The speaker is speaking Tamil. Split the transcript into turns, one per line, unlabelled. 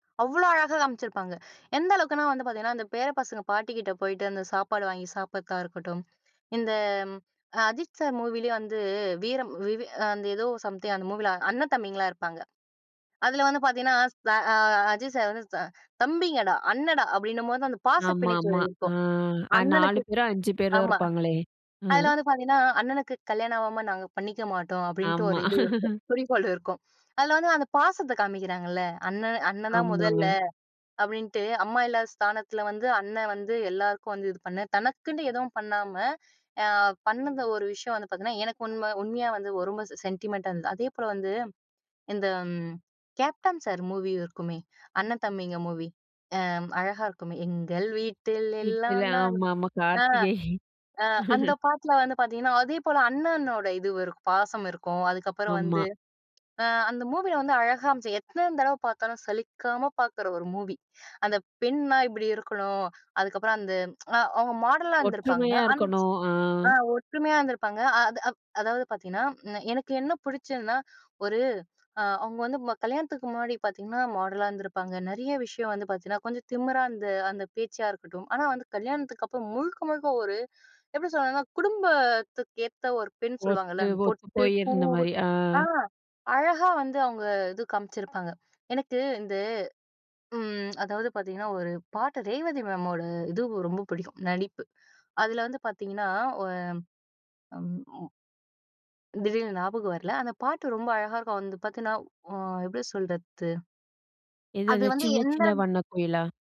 அவ்ளோ அழகா காமிச்சிருப்பாங்க. எந்த அளவுக்குனா வந்து பாத்திங்கன்னா அந்த பேர பசங்க பாட்டிக்கிட்ட போயிட்டு, அந்த சாப்பாடு வாங்கி சாப்டறதா இருக்கட்டும். இந்த அஜித் சார் மூவிலேயே வந்து, வீரம் வி வி அ அந்த ஏதோ சம்திங் அந்த மூவில அண்ணன், தம்பிங்களா இருப்பாங்க. அதுல வந்து பாத்திங்கன்னா, அ அ அஜித் சார் வந்து ச "தம்பிங்கடா அண்ணன்டா" அப்டின்னும்போதான் அந்த பாச
ஆமா, ஆமா.
பிணைப்புகள் இருக்கும்.
ஆ 4
அண்ணனுக்கு
பேரோ 5 பேரோ
ஆமா.
இருப்பாங்களே.
அதுல
ம்.
வந்து பாத்திங்கன்னா, "அண்ணனுக்கு கல்யாணம் ஆகாம நாங்க பண்ணிக்க மாட்டோம்." அப்டின்ட்டு ஒரு
ஆமா.
இது இருக்கும், குறிக்கோள் இருக்கும். அதுல வந்து அந்த பாசத்த காமிக்கிறாங்கள்ல, அண்ணன் அண்ணன் தான் முதல்ல.
ஆமாங்க.
அப்டின்ட்டு அம்மா இல்லாத ஸ்தானத்ல வந்து அண்ணன் வந்து எல்லாருக்கும் வந்து இது பண்ணு. தனக்குன்னு எதுவும் பண்ணாம, அ பண்ணத ஒரு விஷயம் வந்து பார்த்திங்கன்னா, எனக்கு உண்ம உண்மையா வந்து ஒரு மச சென்டிமென்ட்டா இருந்தது. அதே போல வந்து, இந்த ம் கேப்டன் சார் மூவி இருக்குமே, அண்ணன் தம்பிங்க மூவி. எ அழகா இருக்குமே "எங்கள் வீட்டில் எல்லா
வீட்ல
நாலும்"
ஆமாமா
அ அ
கார்த்திகை.
அந்த பாட்ல வந்து பாத்திங்கன்னா, அதேபோல அண்ணனோட இது இருக் ஒரு பாசம் இருக்கும். அதுக்கப்பறம்
ஆமா.
வந்து, அ அந்த மூவில வந்து அழகா இருந்துச்சு. எத்தன தடவ பார்த்தாலும் சலிக்காம பார்க்குற ஒரு மூவி. அந்த பெண்ணா இப்டி இருக்கணும். அதுக்கப்பறம் அந்த அவங்க மாடலா இருந்திருப்பாங்க.
ஒற்றுமையா
அ
இருக்கணும் ஆ.
ஒற்றுமையா இருந்திருப்பாங்க, அ அது அதாவது பாத்திங்கன்னா, எனக்கு என்ன பிடிச்சதுன்னா, ஒரு அ அவங்க வந்து ம கல்யாணத்துக்கு முன்னாடி பாத்திங்கன்னா, அ மாடலா இருந்திருப்பாங்க, றையா விஷயம் வந்து பாத்திங்கன்னா, கொஞ்சம் திமிரா அந்த அந்த பேச்சா இருக்கட்டும், ஆனா வந்து கல்யாணத்துக்கு அப்பறம் முழுக்க முழுக்க ஒரு எப்டி சொல்லணுனா, குடும்பத்துக்கு ஏத்த ஒரு பெண் சொல்லுவாங்கள்ல,
ஒத்து
அந்த
ஒத்து
பொட்டு, பூ,
போயிருந்த மாரி ஆ.
அ அழகா வந்து அவங்க இது காமிச்சிருப்பாங்க. எனக்கு இந்த ம் அதாவது பாத்திங்கன்னா ஒரு பாட்டு ரேவதி மேமோட இது ரொம்ப பிடிக்கும் நடிப்பு. அதுல வந்து பார்த்திங்கன்னா, அம் அம் திடீர்னு ஞாபகம் வரல, அந்த பாட்டு ரொம்ப அழகா இருக்கும். அது பார்த்திங்கன்னா, ஒ எப்டி சொல்றது?
எது?
அது
எது?
வந்து
சின்ன சின்ன
எந்த
வண்ணக் கோயிலா?